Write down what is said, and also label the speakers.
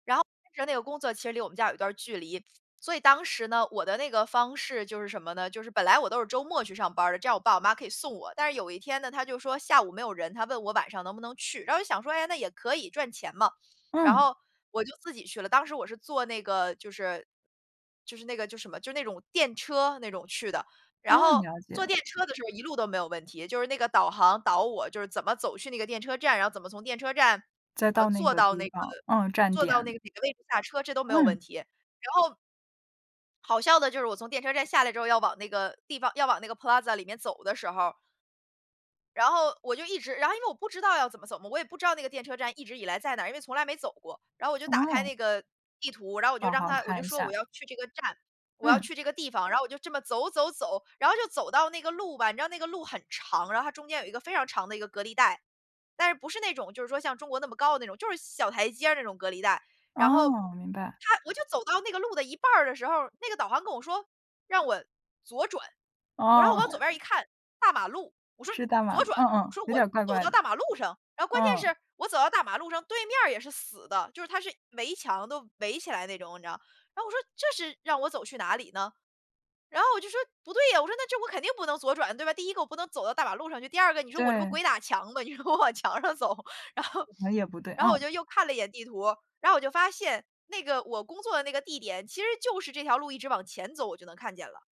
Speaker 1: 然后其实那个工作其实离我们家有一段距离，所以当时呢，我的那个方式，就是什么呢，就是本来我都是周末去上班儿的，这样我爸我妈可以送我，但是有一天呢，他就是说下午没有人，他问我晚上能不能去？然后我就想说，诶，那也可以，赚钱嘛。然
Speaker 2: 嗯。
Speaker 1: 后，我就自己去了，当时我是做那个，就是就是那个就什么，就那种电车那种去的，然
Speaker 2: 嗯，
Speaker 1: 后
Speaker 2: 了
Speaker 1: 坐
Speaker 2: 解。
Speaker 1: 电车的时候一路都没有问题，就是那个导航导我就是怎么走去那个电车站，然后怎么从电车站，
Speaker 2: 再
Speaker 1: 呃，
Speaker 2: 到那
Speaker 1: 坐
Speaker 2: 个
Speaker 1: 到
Speaker 2: 地
Speaker 1: 那个
Speaker 2: 方，嗯，站
Speaker 1: 坐到那
Speaker 2: 点。
Speaker 1: 个哪个位置下车，这都没有问
Speaker 2: 嗯。
Speaker 1: 题，然后好笑的就是我从电车站下来之后要往那个地方要往那个 Plaza 里面走的时候然后，我就一直然后因为我不知道要怎么走嘛，我也不知道那个电车站一直以来在哪儿，因为从来没走过。然后我就打开
Speaker 2: 哦。
Speaker 1: 那个，地图，然后我就
Speaker 2: 好
Speaker 1: 让
Speaker 2: 好
Speaker 1: 它我就
Speaker 2: 看一
Speaker 1: 说我
Speaker 2: 下。
Speaker 1: 要去这个站，我要
Speaker 2: 嗯。
Speaker 1: 去这个地方，然后我就这么走走走，然后就走到那个路吧，你知道那个路很长，然后它中间有一个非常长的一个隔离带。但是不是那种就是说像中国那么高的那种，就是小台阶儿那种隔离带。然后，
Speaker 2: 哦，明白。
Speaker 1: 它我就走到那个路的一半儿的时候，那个导航跟我说，让我左转。我然后我
Speaker 2: 哦。
Speaker 1: 往左边儿一 看，大马路，我说
Speaker 2: 是大马
Speaker 1: 左
Speaker 2: 路，嗯
Speaker 1: 转，我
Speaker 2: 嗯，
Speaker 1: 说
Speaker 2: 有
Speaker 1: 我
Speaker 2: 点怪
Speaker 1: 走
Speaker 2: 怪
Speaker 1: 到
Speaker 2: 的。
Speaker 1: 大马路上。然后关键
Speaker 2: 嗯。
Speaker 1: 是，我走到大马路上，对面儿也是死的，就是它是围墙，都围起来的那种你知道。然后我说这是让我走去哪里呢？然后我就说不对呀，我说这我肯定不能左转，对吧，第一个我不能走到大马路上去，第二个你说我这不
Speaker 2: 对。
Speaker 1: 鬼打墙吗？你说我往墙上走。然后
Speaker 2: [unintelligible] 也不对，
Speaker 1: 然后我
Speaker 2: 嗯。
Speaker 1: 就又看了一眼地图，然后我就发现，那个我工作的那个地点，其实就是这条路一直往前走我就能看见了。